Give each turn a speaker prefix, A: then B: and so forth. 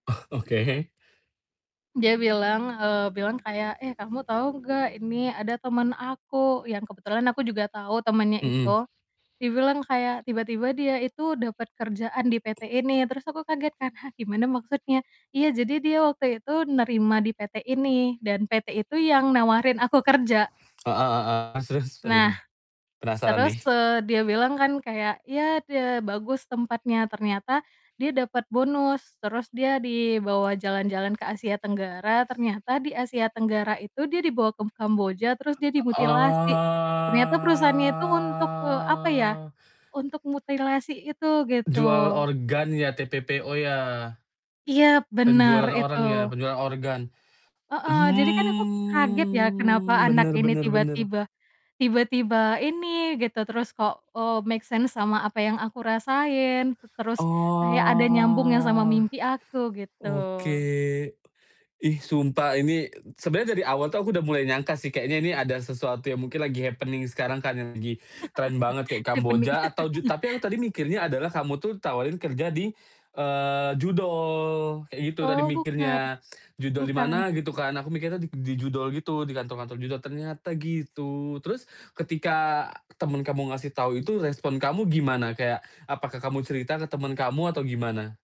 A: Oh, oke.
B: Dia bilang, eee, bilang kayak, "Eh kamu tahu nggak ini ada teman aku?" Yang kebetulan aku juga tahu temannya
A: Hmm.
B: itu, dia bilang kayak tiba-tiba dia itu dapat kerjaan di PT ini terus aku kaget kan, "Hah gimana maksudnya?" Iya, jadi dia waktu itu nerima di PT ini dan PT itu yang nawarin aku kerja.
A: Heeh heeh. Terus terus? Aduh
B: Nah,
A: bener penasaran
B: terus,
A: nih.
B: eee, dia bilang kan kayak, "Ya, itu ya bagus tempatnya," ternyata dia dapat bonus, terus dia dibawa jalan-jalan ke Asia Tenggara, ternyata di Asia Tenggara itu dia dibawa ke Kamboja terus dia
A: O
B: dimutilasi ternyata perusahaan itu untuk, eee, apa ya,
A: oh.
B: untuk mutilasi itu
A: Jual
B: gitu.
A: organnya, TPPO ya?
B: Iya, bener
A: Penjualan
B: itu.
A: orang ya? Penjualan organ,
B: Heeh. Jadi kan aku kaget ya, kenapa
A: hmm,
B: anak
A: bener
B: ini
A: bener bener.
B: tiba-tiba tiba-tiba ini gitu, terus kok, eee, make sense sama apa yang aku rasain, tu terus kayak ada nyambung yang sama
A: Oh
B: mimpi aku gitu.
A: Oke. Ih sumpah ini eee, sebenernya dari awal tuh aku udah mulai nyangka sih, kayaknya ini ada sesuatu yang mungkin lagi happening sekarang kan yang lagi trend banget kayak
B: jepeni
A: Kamboja atau ju tapi yang tadi mikirnya adalah kamu tuh tawarin kerja di, eee, judol kayak gitu tadi
B: Oh bukan,
A: mikirnya. Judol di
B: bukan.
A: mana gitu kan, aku mikirnya di judol gitu, di kantor-kantor judol. Ternyata gitu, terus ketika temen kamu ngasih tau itu respon kamu gimana? Kayak apakah kamu cerita ke temen kamu atau gimana?